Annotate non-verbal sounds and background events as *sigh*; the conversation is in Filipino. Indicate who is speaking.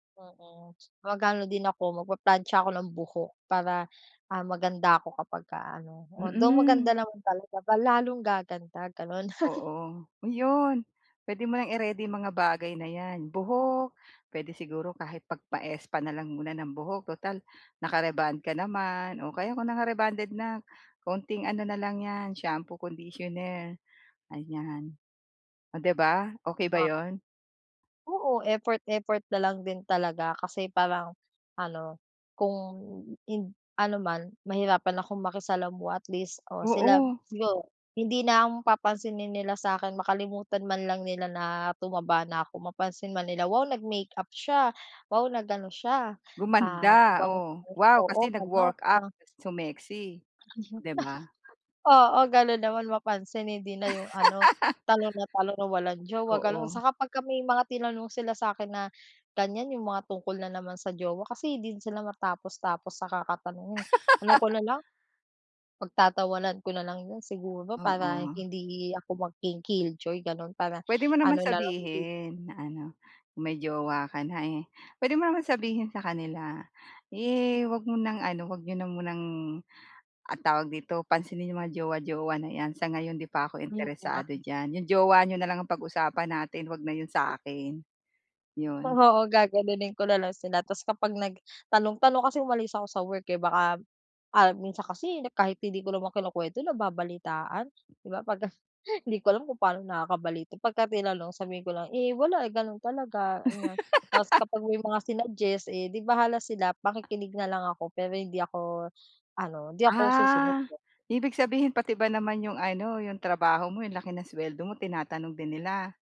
Speaker 1: Oo, mag aano din ako magpaplantsa ako ng buhok. Para ah, maganda ako kapag ka ano. Although maganda
Speaker 2: Mm.
Speaker 1: naman talaga ba lalong gaganda ganon. *chuckles*
Speaker 2: Oo, yun. Pwede mo nang i-ready mga bagay na yan, buhok. Pwede siguro kahit pagpa-spa na lang muna ng buhok tutal naka-rebond ka naman o kaya kung naka-rebonded na kaunting ano na lang yan shampoo, conditioner, ayan. O 'di ba, okey ba
Speaker 1: *unintelligible*
Speaker 2: yun?
Speaker 1: Oo effort, effort nalang din talaga kasi parang ano, kung ind ano man mahirapan akong makisalamuha at least o sila
Speaker 2: Oo.
Speaker 1: siguro hindi na ako papansinin nila sa'kin makalimutan man lang nila na tumaba na ako mapansin man nila, "Wow nag-makeup siya, wow nag-ano siya." Ah, anong
Speaker 2: Gumanda,
Speaker 1: tawag
Speaker 2: oh,
Speaker 1: dun?
Speaker 2: wow
Speaker 1: Oo,
Speaker 2: kasi
Speaker 1: ganun,
Speaker 2: nag-workout
Speaker 1: parang
Speaker 2: sumexy, oh 'di ba?
Speaker 1: *chuckles* Oo ganun naman mapansin hindi na yung ano,
Speaker 2: *laughs*
Speaker 1: tanong ng tanong na walang jowa ganun.
Speaker 2: Oo.
Speaker 1: Saka pagka may mga tinanong sila sa'kin na ganyan yung mga tungkol na naman sa jowa. Kasi di din sila matapos-tapos sa kakatanong. Eh ano ko na lang, pagtatawanan ko na lang yun siguro para
Speaker 2: Oo.
Speaker 1: hindi ako maging kill joy ganun para
Speaker 2: Pwede mo naman
Speaker 1: ano nalang hindi
Speaker 2: sabihin. Na ano may jowa ka na eh. Pwede mo naman sabihin sa kanila. Eh wag mo ng ano wag niyo na munang ah tawag dito pansinin yung mga jowa, jowa na yan sa ngayon di pa ako
Speaker 1: Hmm, oo nga
Speaker 2: interesado
Speaker 1: 'no.
Speaker 2: diyan. Yung jowa niyo na lang ang pag-usapan natin wag na yun sa'kin. Yun.
Speaker 1: Oo, gaganunin ko nalang sila. Tas kapag nagtanong-tanong kasi umalis ako sa work eh. Baka ah, minsan kasi kahit hindi ko naman kinukwento nababalitaan, 'di ba pagka *chuckles* hindi ko alam kung paano nakakabalita pagka tinanong sabihin ko lang, "Eh wala, eh ganun talaga." Aniya, tas kapag may mga sinuggest eh di bahala sila makikinig na lang ako pero hindi ako ano, hindi ako susunod.
Speaker 2: Ah,
Speaker 1: *unintelligible*
Speaker 2: ibig sabihin pati ba naman yung ano yung trabaho mo yung laki ng suweldo mo tinatanong din nila?